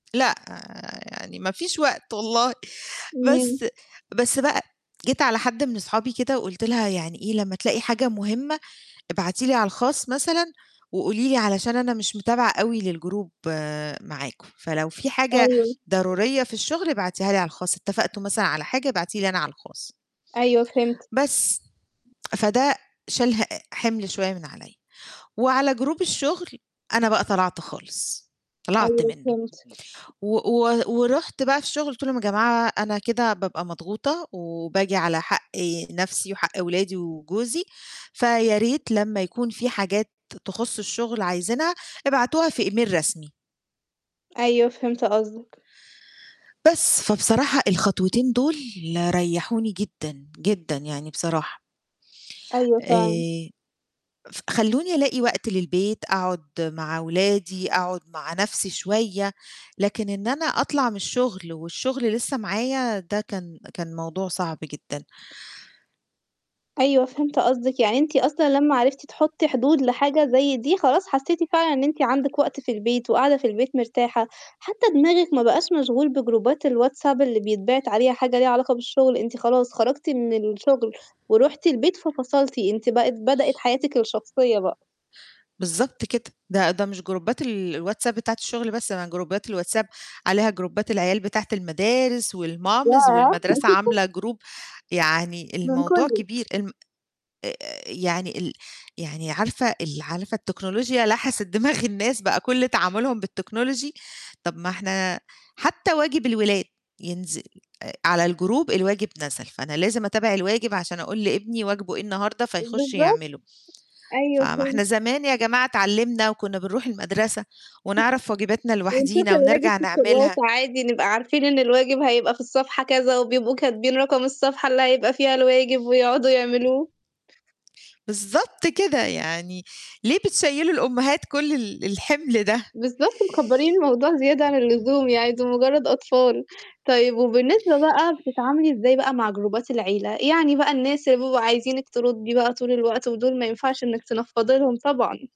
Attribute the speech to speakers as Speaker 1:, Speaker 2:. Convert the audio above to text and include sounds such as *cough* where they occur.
Speaker 1: لأ، يعني ما فيش وقت والله
Speaker 2: امم.
Speaker 1: بس بس بقى، جيت على حد من أصحابي كده وقُلت لها يعني إيه: "لمّا تلاقي حاجة مُهمة ابعتي لي على الخاص مثلًا وقولي لي علشان أنا مش متابعة أوي للجروب معاكم، فلو في حاجة
Speaker 2: أيوه.
Speaker 1: ضرورية في الشُغل ابعتيها لي على الخاص اتفقتو، ا مثلًا على حاجة ابعتي لي أنا على الخاص."
Speaker 2: أيوه فهمتِك.
Speaker 1: بس. فدّه شال ه حِمل شوية من عليَّ وعلى جروب الشُغل أنا بقى طلَعت خالص، طلَعت
Speaker 2: أيوه
Speaker 1: منه،
Speaker 2: فهمتِك،
Speaker 1: و و ورُحت بقى في الشُغل قُلت لهم: "يا جماعة أنا كده بابقى مضغوطة، وباجي على حق نفسي وحق ولادي وجوزي، فياريت لمّا يكون فيه حاجات تخُص الشُغل عايزينها ابعتوها في إيميل رسمي."
Speaker 2: أيوه فهِمت قصدِك.
Speaker 1: بس. فبصراحة الخطوتين دُول ريحوني جدًا، جدًا يعني بصراحة.
Speaker 2: أيوه، فعلًا.
Speaker 1: آآ ف خلّوني ألاقي وقت للبيت، أقعد مع ولادي، أقعد مع نفسي شوية، لكن إن أنا أطلع من الشُغل، والشُغل لسّه معايا، ده كان كان موضوع صعب جدًا.
Speaker 2: أيوه فهِمت قصدِك يعني، أنتِ أصلًا لمّا عرفتِ تحطي حدود لحاجة زي دي خلاص حسيتِ فعلًًا إن أنتِ عندِك وقت في البيت وقاعدة في البيت مرتاحة، حتى دماغِك ما بقاش مشغول بجروبات الواتساب اللي بيتبعت عليها حاجة ليها علاقة بالشُغل، أنتِ خلاص خرجتِ من الشُغل ورُحتِ البيت ففصلتِ أنتِ بقت بدأت حياتِك الشخصية بقى.
Speaker 1: بالضبط كده، ده ده مش جروبات ال الواتساب بتاعة الشغل بس أنا جروبات الواتساب عليها جروبات العيال بتاعة المدارس والماميز
Speaker 2: ياه!
Speaker 1: والمدرسة
Speaker 2: *laughs*
Speaker 1: عاملة جروب يعني
Speaker 2: من
Speaker 1: الموضوع
Speaker 2: كُلّه.
Speaker 1: كبير الم آآ يعني ال يعني عارفة، ال عارفة التكنولوجيا لحسِت دماغ الناس بقى كل تعاملهم بالTechnology طَب ما إحنا حتى واجب الولاد، ينزل آآ على الجروب الواجب نزل فأنا لازم أتابع الواجب عشان أقول لابني واجبه إيه النهارده فيخش
Speaker 2: بالضبط.
Speaker 1: يعمله، ف
Speaker 2: أيوهُ
Speaker 1: ما
Speaker 2: فهِم
Speaker 1: إحنا زمان يا جماعة اتعلِمنا وكُنا بنروح المدرسة ونعرف واجباتنا
Speaker 2: ونشوف
Speaker 1: لوحدينا
Speaker 2: الواجب
Speaker 1: ونرجع
Speaker 2: في الكراسة
Speaker 1: نعملها.
Speaker 2: وعادي نبقى عارفين إن الواجب هيبقى في الصفحة كذا وبيبقوا كاتبين رقم الصفحة، اللي هيبقى فيها الواجب ويقعدوا يعملوه.
Speaker 1: بالضبط كده يعني، ليه بتشيلوّا الأمهات كل ال الحِمل ده؟
Speaker 2: بالضبط مكّبرين الموضوع زيادة عن اللزوم يعني، دُول مجرد أطفال، طيب وبالنسبة بقى بتتعاملي إزاي بقى مع جروبات العيلة، يعني بقى الناس اللي بيبقوا عايزينِك تردي بقى طول الوقت، ودُول ما ينفعش إنِك تنفضّي لهم طبعًا؟